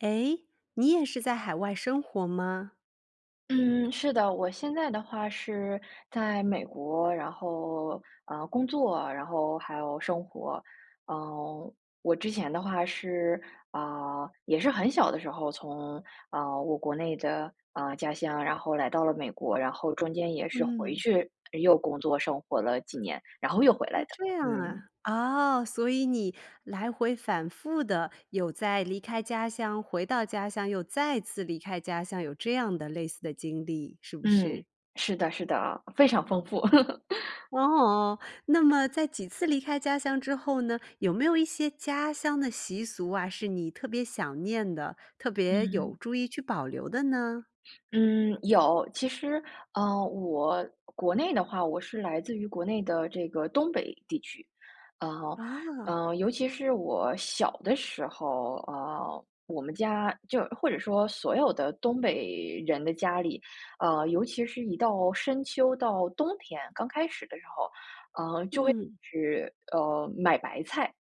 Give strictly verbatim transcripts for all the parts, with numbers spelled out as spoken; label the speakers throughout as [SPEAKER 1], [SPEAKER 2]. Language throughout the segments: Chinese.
[SPEAKER 1] 诶，你也是在海外生活吗？
[SPEAKER 2] 嗯，是的，我现在的话是在美国，然后，呃，工作，然后还有生活。嗯，我之前的话是啊，也是很小的时候，从，呃，我国内的，呃，家乡，然后来到了美国，然后中间也是回
[SPEAKER 1] 嗯。
[SPEAKER 2] 去又工作生活了几年，然后又回来
[SPEAKER 1] 哦，
[SPEAKER 2] 的，
[SPEAKER 1] 这样啊。
[SPEAKER 2] 嗯。
[SPEAKER 1] 哦，所以你来回反复地有在离开家乡回到家乡又再次离开家乡，有这样的类似的经历，是不
[SPEAKER 2] 嗯，
[SPEAKER 1] 是？
[SPEAKER 2] 是的是的，非常丰富。
[SPEAKER 1] 哦。那么在几次离开家乡之后呢，有没有一些家乡的习俗啊，是你特别想念的，特别有
[SPEAKER 2] 嗯。
[SPEAKER 1] 注意去保留的呢？
[SPEAKER 2] 嗯，有，其实，呃，我国内的话，我是来自于国内的这个东北地区。呃，
[SPEAKER 1] 啊。
[SPEAKER 2] 呃，尤其是我小的时候啊，我们家就或者说所有的东北人的家里，呃，尤其是一到深秋、到冬天，刚开始的时候，呃，就会
[SPEAKER 1] 嗯。
[SPEAKER 2] 吃呃，买白菜。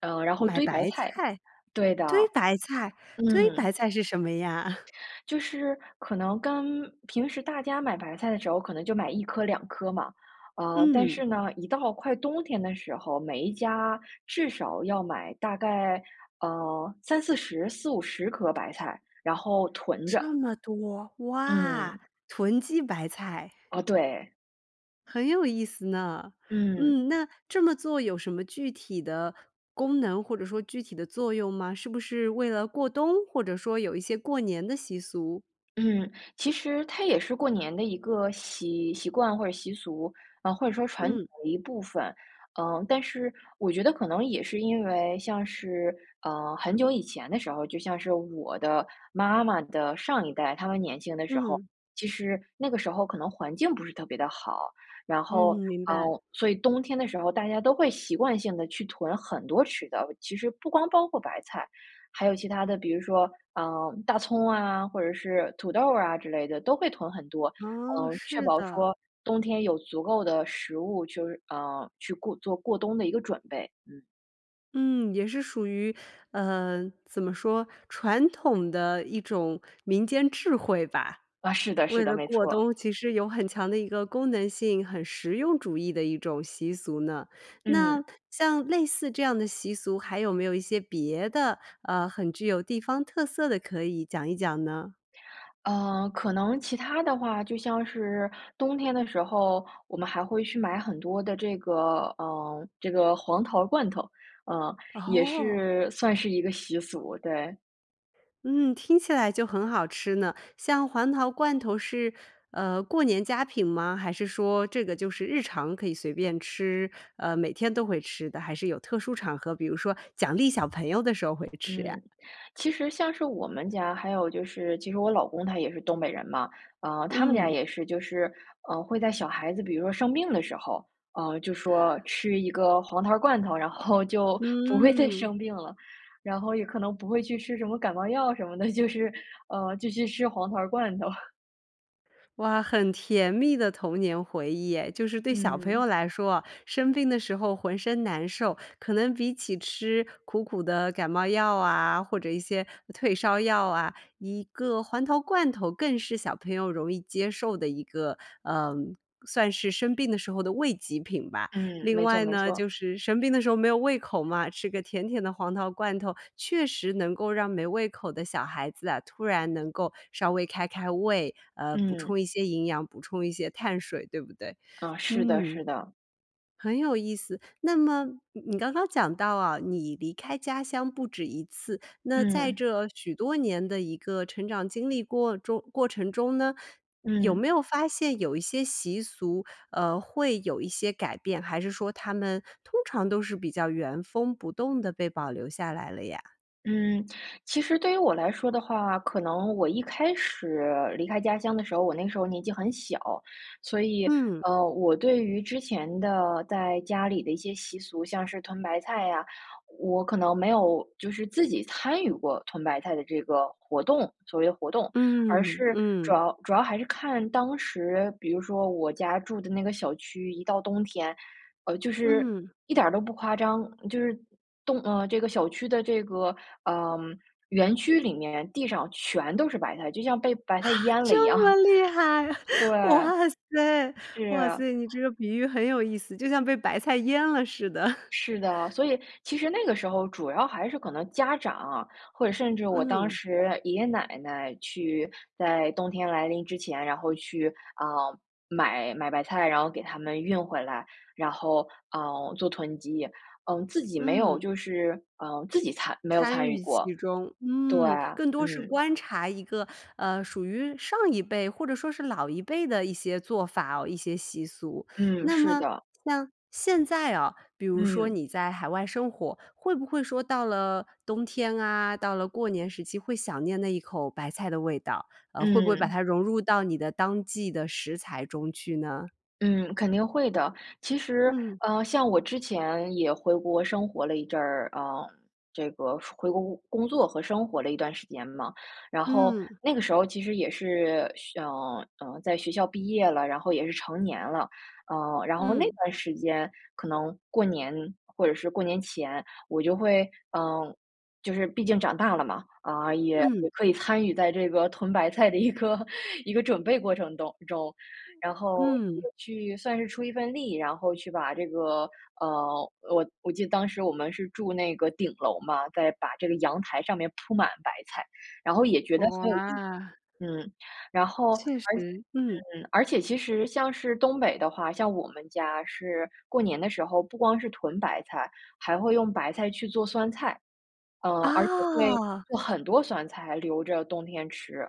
[SPEAKER 2] 呃，然后
[SPEAKER 1] 买
[SPEAKER 2] 堆白
[SPEAKER 1] 白
[SPEAKER 2] 菜，
[SPEAKER 1] 菜？
[SPEAKER 2] 对的，
[SPEAKER 1] 堆白菜，堆白
[SPEAKER 2] 嗯。
[SPEAKER 1] 菜是什么呀？
[SPEAKER 2] 就是可能跟平时大家买白菜的时候可能就买一颗两颗嘛，呃，但
[SPEAKER 1] 嗯。
[SPEAKER 2] 是呢，一到快冬天的时候，每一家至少要买大概，呃，三四十、四五十颗白菜，然后囤着。
[SPEAKER 1] 这么多。哇，
[SPEAKER 2] 嗯。
[SPEAKER 1] 囤积白菜。
[SPEAKER 2] 哦对。
[SPEAKER 1] 很有意思呢。
[SPEAKER 2] 嗯。
[SPEAKER 1] 嗯，那这么做有什么具体的功能或者说具体的作用吗？是不是为了过冬或者说有一些过年的习俗？
[SPEAKER 2] 嗯，其实它也是过年的一个习习惯或者习俗，啊，或者说传统
[SPEAKER 1] 嗯。
[SPEAKER 2] 的一部分。呃，但是我觉得可能也是因为像是，呃，很久以前的时候，就像是我的妈妈的上一代，她们年轻的时候，
[SPEAKER 1] 嗯。
[SPEAKER 2] 其实那个时候可能环境不是特别地好。然后，
[SPEAKER 1] 嗯，明
[SPEAKER 2] 嗯，
[SPEAKER 1] 白。
[SPEAKER 2] 所以冬天的时候大家都会习惯性地去囤很多吃的，其实不光包括白菜，还有其他的，比如说，呃，大葱啊，或者是土豆儿啊之类的都会囤很多，
[SPEAKER 1] 哦，
[SPEAKER 2] 嗯，确
[SPEAKER 1] 是
[SPEAKER 2] 保
[SPEAKER 1] 的。
[SPEAKER 2] 说冬天有足够的食物，就是，呃，去过做过冬的一个准备。嗯。
[SPEAKER 1] 嗯，也是属于，呃，怎么说，传统的一种民间智慧吧。
[SPEAKER 2] 啊，是的是
[SPEAKER 1] 为
[SPEAKER 2] 的，
[SPEAKER 1] 了
[SPEAKER 2] 没
[SPEAKER 1] 过
[SPEAKER 2] 错。
[SPEAKER 1] 冬其实有很强的一个功能性，很实用主义的一种习俗呢。
[SPEAKER 2] 嗯。
[SPEAKER 1] 那像类似这样的习俗，还有没有一些别的，呃，很具有地方特色的可以讲一讲呢？
[SPEAKER 2] 呃，可能其他的话，就像是冬天的时候，我们还会去买很多的这个，呃，这个黄桃罐头，呃，也
[SPEAKER 1] 哦。
[SPEAKER 2] 是算是一个习俗，对。
[SPEAKER 1] 嗯，听起来就很好吃呢，像黄桃罐头是，呃，过年佳品吗？还是说这个就是日常可以随便吃，呃，每天都会吃的，还是有特殊场合，比如说奖励小朋友的时候会吃呀？
[SPEAKER 2] 嗯，其实像是我们家，还有就是其实我老公他也是东北人嘛。啊，他们家
[SPEAKER 1] 嗯。
[SPEAKER 2] 也是就是，呃，会在小孩子比如说生病的时候，啊，就说吃一个黄桃儿罐头，然后就不会再
[SPEAKER 1] 嗯。
[SPEAKER 2] 生病了。然后也可能不会去吃什么感冒药什么的，就是，呃，就去吃黄桃罐头。
[SPEAKER 1] 哇，很甜蜜的童年回忆哎，就是对小朋
[SPEAKER 2] 嗯。
[SPEAKER 1] 友来说哦，生病的时候浑身难受，可能比起吃苦苦的感冒药啊，或者一些退烧药啊，一个黄桃罐头更是小朋友容易接受的一个，呃，算是生病的时候的慰藉品吧。
[SPEAKER 2] 嗯，
[SPEAKER 1] 另
[SPEAKER 2] 没错
[SPEAKER 1] 外
[SPEAKER 2] 没
[SPEAKER 1] 呢
[SPEAKER 2] 错。
[SPEAKER 1] 就是生病的时候没有胃口嘛，吃个甜甜的黄桃罐头，确实能够让没胃口的小孩子啊，突然能够稍微开开胃，呃，补
[SPEAKER 2] 嗯。
[SPEAKER 1] 充一些营养，补充一些碳水，对不对？
[SPEAKER 2] 啊，是的
[SPEAKER 1] 嗯，
[SPEAKER 2] 是的。
[SPEAKER 1] 很有意思。那么你刚刚讲到啊，你离开家乡不止一次，那在
[SPEAKER 2] 嗯。
[SPEAKER 1] 这许多年的一个成长经历过中过程中呢，有
[SPEAKER 2] 嗯。
[SPEAKER 1] 没有发现有一些习俗，呃，会有一些改变？还是说它们通常都是比较原封不动地被保留下来了呀？
[SPEAKER 2] 嗯，其实对于我来说的话，可能我一开始离开家乡的时候，我那时候年纪很小，所以，
[SPEAKER 1] 嗯。
[SPEAKER 2] 呃，我对于之前的在家里的一些习俗，像是屯白菜呀，我可能没有就是自己参与过屯白菜的这个活动，所谓活动。而
[SPEAKER 1] 嗯，
[SPEAKER 2] 是主
[SPEAKER 1] 嗯。
[SPEAKER 2] 要主要还是看当时，比如说我家住的那个小区，一到冬天，呃，就是
[SPEAKER 1] 嗯。
[SPEAKER 2] 一点儿都不夸张，就是冻呃，这个小区的这个，呃，园区里面地上全都是白菜，就像被白
[SPEAKER 1] 哈，
[SPEAKER 2] 菜淹了一样。
[SPEAKER 1] 这么 厉害！
[SPEAKER 2] 对，
[SPEAKER 1] 哇塞，哇
[SPEAKER 2] 是。
[SPEAKER 1] 塞，你这个比喻很有意思，就像被白菜淹了似的。
[SPEAKER 2] 是的，所以其实那个时候主要还是可能家长啊，或者甚至我当
[SPEAKER 1] 嗯。
[SPEAKER 2] 时爷爷奶奶去在冬天来临之前，然后去，啊，买买白菜，然后给他们运回来，然后，呃，做囤积。嗯，自己没有
[SPEAKER 1] 嗯。
[SPEAKER 2] 就是呃，自己参没有
[SPEAKER 1] 参
[SPEAKER 2] 参与
[SPEAKER 1] 与其
[SPEAKER 2] 过，
[SPEAKER 1] 中，
[SPEAKER 2] 对，
[SPEAKER 1] 嗯，更多是
[SPEAKER 2] 嗯。
[SPEAKER 1] 观察一个，呃，属于上一辈或者说是老一辈的一些做法，一些习俗。
[SPEAKER 2] 嗯，
[SPEAKER 1] 那
[SPEAKER 2] 是
[SPEAKER 1] 么
[SPEAKER 2] 的。
[SPEAKER 1] 像现在啊，比如说
[SPEAKER 2] 嗯。
[SPEAKER 1] 你在海外生活，会不会说到了冬天啊，到了过年时期会想念那一口白菜的味道？呃，会不会把
[SPEAKER 2] 嗯。
[SPEAKER 1] 它融入到你的当季的食材中去呢？
[SPEAKER 2] 嗯，肯定会的，其实，
[SPEAKER 1] 嗯。
[SPEAKER 2] 呃，像我之前也回国生活了一阵儿，呃，这个回国工工作和生活了一段时间嘛，然后
[SPEAKER 1] 嗯。
[SPEAKER 2] 那个时候其实也是想，呃，在学校毕业了，然后也是成年了。呃，然后那
[SPEAKER 1] 嗯。
[SPEAKER 2] 段时间可能过年或者是过年前，我就会呃，就是毕竟长大了嘛，啊，也
[SPEAKER 1] 嗯。
[SPEAKER 2] 也可以参与在这个囤白菜的一个一个准备过程当中，然后也
[SPEAKER 1] 嗯。
[SPEAKER 2] 去算是出一份力，然后去把这个，呃，我我记得当时我们是住那个顶楼嘛，再把这个阳台上面铺满白菜，然后也觉得很有意。
[SPEAKER 1] 哇。
[SPEAKER 2] 嗯，然后
[SPEAKER 1] 确实，
[SPEAKER 2] 而且
[SPEAKER 1] 嗯。
[SPEAKER 2] 而且其实像是东北的话，像我们家是过年的时候，不光是囤白菜，还会用白菜去做酸菜。呃，而且会
[SPEAKER 1] 哦。
[SPEAKER 2] 做很多酸菜留着冬天吃，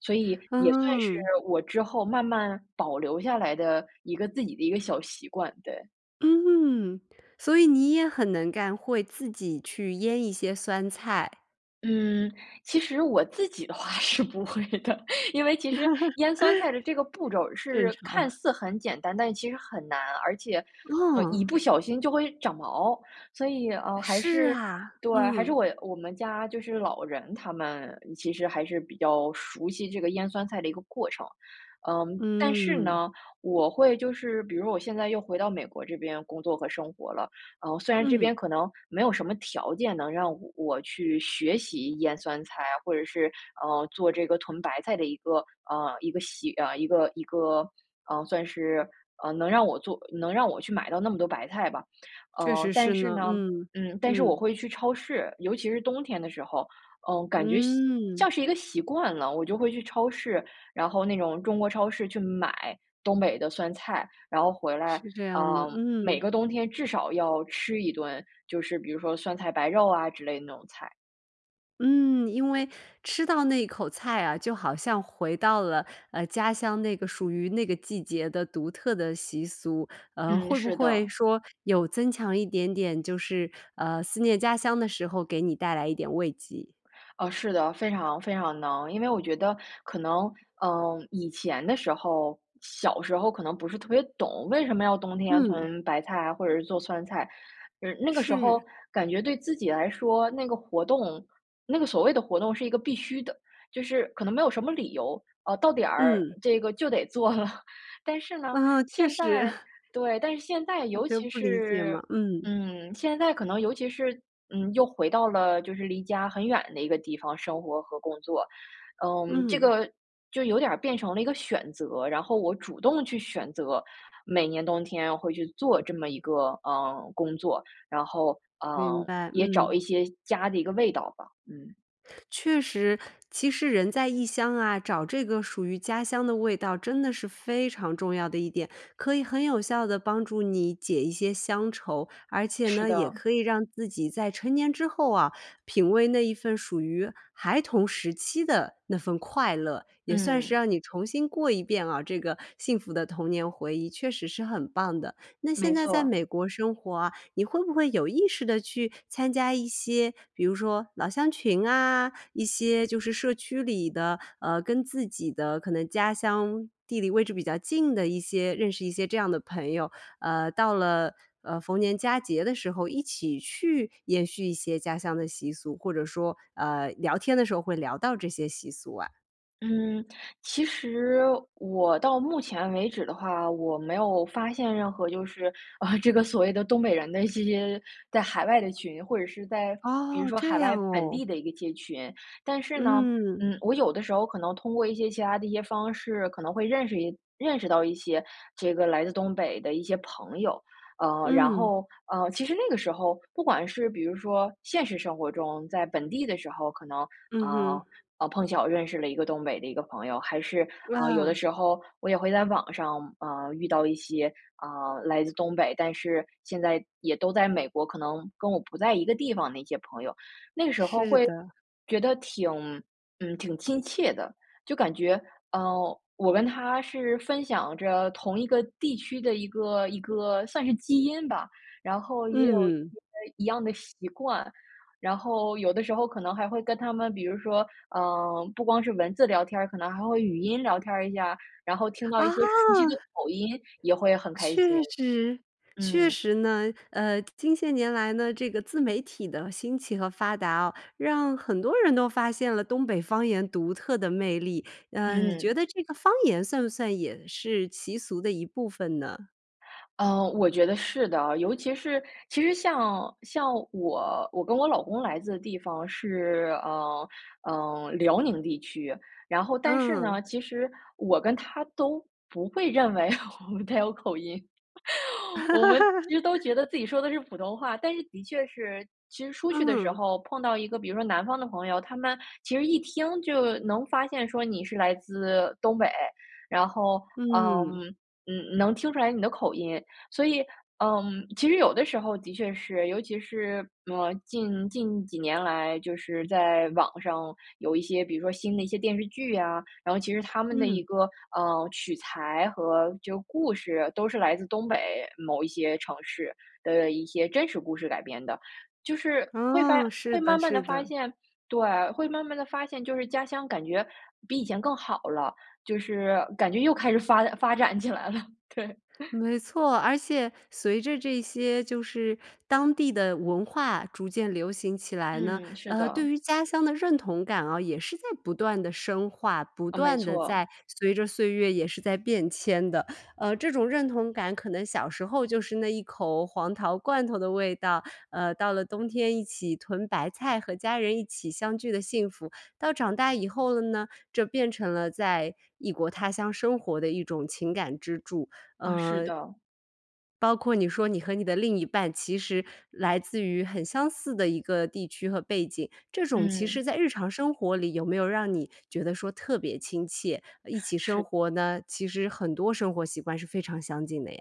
[SPEAKER 2] 所以也算是
[SPEAKER 1] 嗯。
[SPEAKER 2] 我之后慢慢保留下来的一个自己的一个小习惯，对。
[SPEAKER 1] 嗯。所以你也很能干，会自己去腌一些酸菜。
[SPEAKER 2] 嗯，其实我自己的话是不会的，因为其实腌酸菜的这个步骤 儿
[SPEAKER 1] 正
[SPEAKER 2] 是看
[SPEAKER 1] 常。
[SPEAKER 2] 似很简单，但是其实很难。而且，呃，一
[SPEAKER 1] 哦。
[SPEAKER 2] 不小心就会长毛，所以，呃，还
[SPEAKER 1] 是
[SPEAKER 2] 是
[SPEAKER 1] 啊，
[SPEAKER 2] 对，还是
[SPEAKER 1] 嗯。
[SPEAKER 2] 我我们家就是老人，他们其实还是比较熟悉这个腌酸菜的一个过程。嗯，但是
[SPEAKER 1] 嗯。
[SPEAKER 2] 呢，我会就是比如说我现在又回到美国这边工作和生活了。呃，虽然这
[SPEAKER 1] 嗯。
[SPEAKER 2] 边可能没有什么条件能让我去学习腌酸菜啊，或者是，呃，做这个屯白菜的一个，呃，一个习啊，一个一个，呃，算是，呃，能让我做能让我去买到那么多白菜吧。
[SPEAKER 1] 确
[SPEAKER 2] 呃，
[SPEAKER 1] 实
[SPEAKER 2] 但
[SPEAKER 1] 是
[SPEAKER 2] 是
[SPEAKER 1] 呢。
[SPEAKER 2] 呢，
[SPEAKER 1] 嗯，
[SPEAKER 2] 嗯，但是我
[SPEAKER 1] 嗯。
[SPEAKER 2] 会去超市，尤其是冬天的时候，嗯，感觉像
[SPEAKER 1] 嗯。
[SPEAKER 2] 像是一个习惯了，我就会去超市，然后那种中国超市去买东北的酸菜。然后回来，
[SPEAKER 1] 是这样的，
[SPEAKER 2] 呃，每
[SPEAKER 1] 嗯。
[SPEAKER 2] 个冬天至少要吃一顿，就是比如说酸菜白肉啊之类的那种菜。
[SPEAKER 1] 嗯，因为吃到那一口菜啊，就好像回到了，呃，家乡那个属于那个季节的独特的习俗，呃，
[SPEAKER 2] 嗯，
[SPEAKER 1] 会不
[SPEAKER 2] 是
[SPEAKER 1] 会
[SPEAKER 2] 的。
[SPEAKER 1] 说有增强一点点就是，呃，思念家乡的时候给你带来一点慰藉。
[SPEAKER 2] 呃，是的，非常非常能。因为我觉得可能，嗯，以前的时候，小时候可能不是特别懂，为什么要冬天
[SPEAKER 1] 嗯。
[SPEAKER 2] 囤白菜啊，或者是做酸菜。嗯，那个时
[SPEAKER 1] 是。
[SPEAKER 2] 候感觉对自己来说，那个活动那个所谓的活动是一个必须的就是可能没有什么理由，啊，到点儿
[SPEAKER 1] 嗯。
[SPEAKER 2] 这个就得做了。但是呢，
[SPEAKER 1] 啊，确
[SPEAKER 2] 现
[SPEAKER 1] 实。
[SPEAKER 2] 在 对，但是现在
[SPEAKER 1] 小
[SPEAKER 2] 尤
[SPEAKER 1] 朋友
[SPEAKER 2] 其
[SPEAKER 1] 不理解
[SPEAKER 2] 是
[SPEAKER 1] 嘛，嗯。
[SPEAKER 2] 嗯，现在可能尤其是，嗯，又回到了就是离家很远的一个地方生活和工作。嗯，这
[SPEAKER 1] 嗯。
[SPEAKER 2] 个就有点儿变成了一个选择，然后我主动去选择，每年冬天会去做这么一个，呃，工作，然后，
[SPEAKER 1] 明
[SPEAKER 2] 呃，
[SPEAKER 1] 白，
[SPEAKER 2] 也找
[SPEAKER 1] 嗯。
[SPEAKER 2] 一些家的一个味道吧，嗯。
[SPEAKER 1] 确实，其实人在异乡啊，找这个属于家乡的味道真的是非常重要的一点，可以很有效地帮助你解一些乡愁。而且
[SPEAKER 2] 是
[SPEAKER 1] 呢，也
[SPEAKER 2] 的。
[SPEAKER 1] 可以让自己在成年之后啊，品味那一份属于孩童时期的那份快乐，也算是
[SPEAKER 2] 嗯。
[SPEAKER 1] 让你重新过一遍啊，这个幸福的童年回忆，确实是很棒的。那现
[SPEAKER 2] 没
[SPEAKER 1] 在在
[SPEAKER 2] 错。
[SPEAKER 1] 美国生活啊，你会不会有意识地去参加一些，比如说老乡群啊，一些就是社区里的，呃，跟自己的可能家乡地理位置比较近的一些认识一些这样的朋友。呃，到了，呃，逢年佳节的时候，一起去延续一些家乡的习俗，或者说，呃，聊天的时候会聊到这些习俗啊。
[SPEAKER 2] 嗯，其实我到目前为止的话，我没有发现任何就是啊，这个所谓的东北人的一些在海外的群，或者是在比如
[SPEAKER 1] 哦，
[SPEAKER 2] 说
[SPEAKER 1] 这
[SPEAKER 2] 海外
[SPEAKER 1] 样
[SPEAKER 2] 本
[SPEAKER 1] 哦。
[SPEAKER 2] 地的一个街群。但是呢，
[SPEAKER 1] 嗯。
[SPEAKER 2] 嗯，我有的时候可能通过一些其它的一些方式，可能会认识一认识到一些这个来自东北的一些朋友。呃，然
[SPEAKER 1] 嗯。
[SPEAKER 2] 后，呃，其实那个时候不管是比如说现实生活中，在本地的时候，可能，
[SPEAKER 1] 嗯哼。
[SPEAKER 2] 呃，碰巧我认识了一个东北的一个朋友，还是，呃，有的
[SPEAKER 1] 哇。
[SPEAKER 2] 时候我也会在网上，呃，遇到一些，呃，来自东北，但是现在也都在美国，可能跟我不在一个地方的一些朋友。那个时候
[SPEAKER 1] 是
[SPEAKER 2] 会
[SPEAKER 1] 的。
[SPEAKER 2] 觉得挺嗯，挺亲切的，就感觉，呃，我跟他是分享着同一个地区的一个一个算是基因吧。然后也有些
[SPEAKER 1] 嗯。
[SPEAKER 2] 一样的习惯，然后有的时候可能还会跟他们，比如说，呃，不光是文字聊天儿，可能还会语音聊天儿一下，然后听到一些熟悉的
[SPEAKER 1] 啊！
[SPEAKER 2] 口音也会很开
[SPEAKER 1] 确
[SPEAKER 2] 心。
[SPEAKER 1] 实，确
[SPEAKER 2] 嗯。
[SPEAKER 1] 实呢。呃，近些年来呢，这个自媒体的兴起和发达啊，让很多人都发现了东北方言独特的魅力。呃，你觉
[SPEAKER 2] 嗯。
[SPEAKER 1] 得这个方言算不算也是习俗的一部分呢？
[SPEAKER 2] 呃，我觉得是的，尤其是其实像像我我跟我老公来自的地方是，呃，嗯，辽宁地区，然后但是
[SPEAKER 1] 嗯。
[SPEAKER 2] 呢，其实我跟他都不会认为他有口音，我们 其实都觉得自己说的是普通话。但是的确是其实出去的时
[SPEAKER 1] 嗯。
[SPEAKER 2] 候碰到一个，比如说南方的朋友，他们其实一听就能发现说你是来自东北。然后，嗯，
[SPEAKER 1] 嗯。
[SPEAKER 2] 嗯，能听出来你的口音，所以，嗯，其实有的时候的确是，尤其是，呃，近近几年来就是在网上有一些，比如说新的一些电视剧啊。然后其实它们的一
[SPEAKER 1] 嗯。
[SPEAKER 2] 个，呃，取材和就故事都是来自东北某一些城市的一些真实故事改编的，就是会发
[SPEAKER 1] 哦，是
[SPEAKER 2] 会
[SPEAKER 1] 的，
[SPEAKER 2] 慢慢
[SPEAKER 1] 是
[SPEAKER 2] 地发
[SPEAKER 1] 的。
[SPEAKER 2] 现，对，会慢慢地发现，就是家乡感觉比以前更好了，就是感觉又开始发发展起来了。对。
[SPEAKER 1] 没错。而且随着这些就是当地的文化逐渐流行起来呢，
[SPEAKER 2] 嗯，是
[SPEAKER 1] 呃，对
[SPEAKER 2] 的。
[SPEAKER 1] 于家乡的认同感啊也是在不断地深化，不
[SPEAKER 2] 呃，没
[SPEAKER 1] 断地
[SPEAKER 2] 错。
[SPEAKER 1] 在随着岁月也是在变迁的。呃，这种认同感，可能小时候就是那一口黄桃罐头的味道，呃，到了冬天一起囤白菜和家人一起相聚的幸福。到长大以后了呢，这变成了在异国他乡生活的一种情感支柱。
[SPEAKER 2] 啊，是
[SPEAKER 1] 嗯
[SPEAKER 2] 的。
[SPEAKER 1] 包括你说你和你的另一半其实来自于很相似的一个地区和背景，这种其实
[SPEAKER 2] 嗯。
[SPEAKER 1] 在日常生活里有没有让你觉得说特别亲切，呃，一起生
[SPEAKER 2] 是。
[SPEAKER 1] 活呢其实很多生活习惯是非常相近的呀？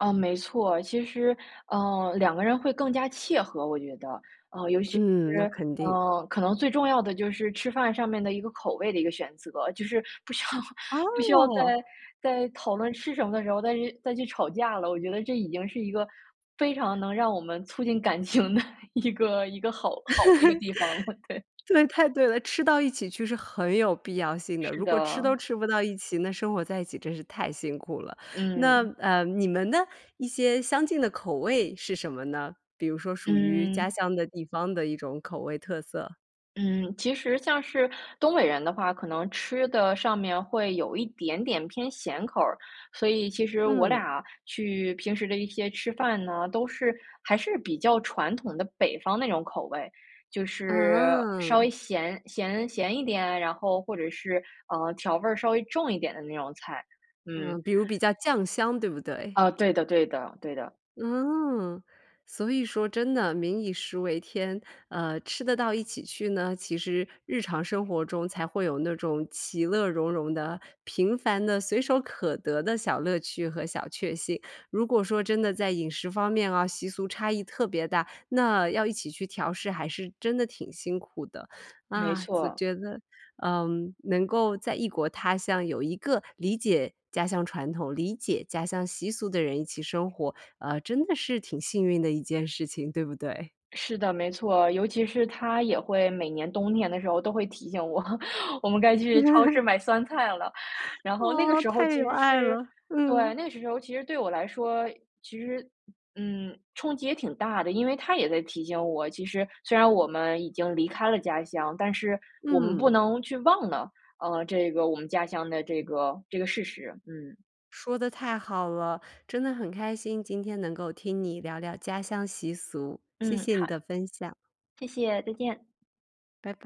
[SPEAKER 2] 啊，没错。其实，呃，两个人会更加契合，我觉得。呃，尤其
[SPEAKER 1] 嗯，那
[SPEAKER 2] 是，
[SPEAKER 1] 肯定。
[SPEAKER 2] 呃，可能最重要的就是吃饭上面的一个口味的一个选择，就是不需要不需要在
[SPEAKER 1] 哦！
[SPEAKER 2] 在讨论吃什么的时候再去再去吵架了。我觉得这已经是一个非常能让我们促进感情的一个一个好好的一个地方了，对。
[SPEAKER 1] 对，太对了。吃到一起去是很有必要性的，
[SPEAKER 2] 是
[SPEAKER 1] 如果吃
[SPEAKER 2] 的。
[SPEAKER 1] 都吃不到一起，那生活在一起真是太辛苦了。那，
[SPEAKER 2] 嗯。
[SPEAKER 1] 呃，你们呢，一些相近的口味是什么呢？比如说属于家
[SPEAKER 2] 嗯。
[SPEAKER 1] 乡的地方的一种口味特色？
[SPEAKER 2] 嗯，其实像是东北人的话，可能吃的上面会有一点点偏咸口儿，所以其实我
[SPEAKER 1] 嗯。
[SPEAKER 2] 俩去平时的一些吃饭呢，都是还是比较传统的北方那种口味就是稍
[SPEAKER 1] 嗯。
[SPEAKER 2] 微咸咸咸一点，然后或者是，呃，调味儿稍微重一点的那种菜。嗯。
[SPEAKER 1] 嗯，比如比较酱香，对不对？
[SPEAKER 2] 呃，对的对的，对的。
[SPEAKER 1] 嗯，所以说真的民以食为天，呃，吃得到一起去呢，其实日常生活中才会有那种其乐融融的平凡的随手可得的小乐趣和小确幸。如果说真的在饮食方面啊，习俗差异特别大，那要一起去调试还是真的挺辛苦的。
[SPEAKER 2] 没
[SPEAKER 1] 啊，就
[SPEAKER 2] 错。
[SPEAKER 1] 觉得，嗯，能够在异国他乡有一个理解家乡传统、理解家乡习俗的人一起生活，呃，真的是挺幸运的一件事情，对不对？
[SPEAKER 2] 是的，没错，尤其是他也会每年冬天的时候都会提醒我，我们该去超市 买酸菜了，然后那个
[SPEAKER 1] 哦，
[SPEAKER 2] 时候
[SPEAKER 1] 太
[SPEAKER 2] 其
[SPEAKER 1] 有
[SPEAKER 2] 实
[SPEAKER 1] 爱
[SPEAKER 2] 是，
[SPEAKER 1] 了，
[SPEAKER 2] 对，
[SPEAKER 1] 嗯。
[SPEAKER 2] 那个时候其实对我来说，其实，嗯，冲击也挺大的，因为他也在提醒我，其实虽然我们已经离开了家乡，但是我们不
[SPEAKER 1] 嗯。
[SPEAKER 2] 能去忘了，呃，这个我们家乡的这个，这个事实。嗯。
[SPEAKER 1] 说得太好了，真的很开心今天能够听你聊聊家乡习俗，谢
[SPEAKER 2] 嗯，
[SPEAKER 1] 谢你
[SPEAKER 2] 好。
[SPEAKER 1] 的分享。
[SPEAKER 2] 谢谢，再见。
[SPEAKER 1] 拜拜。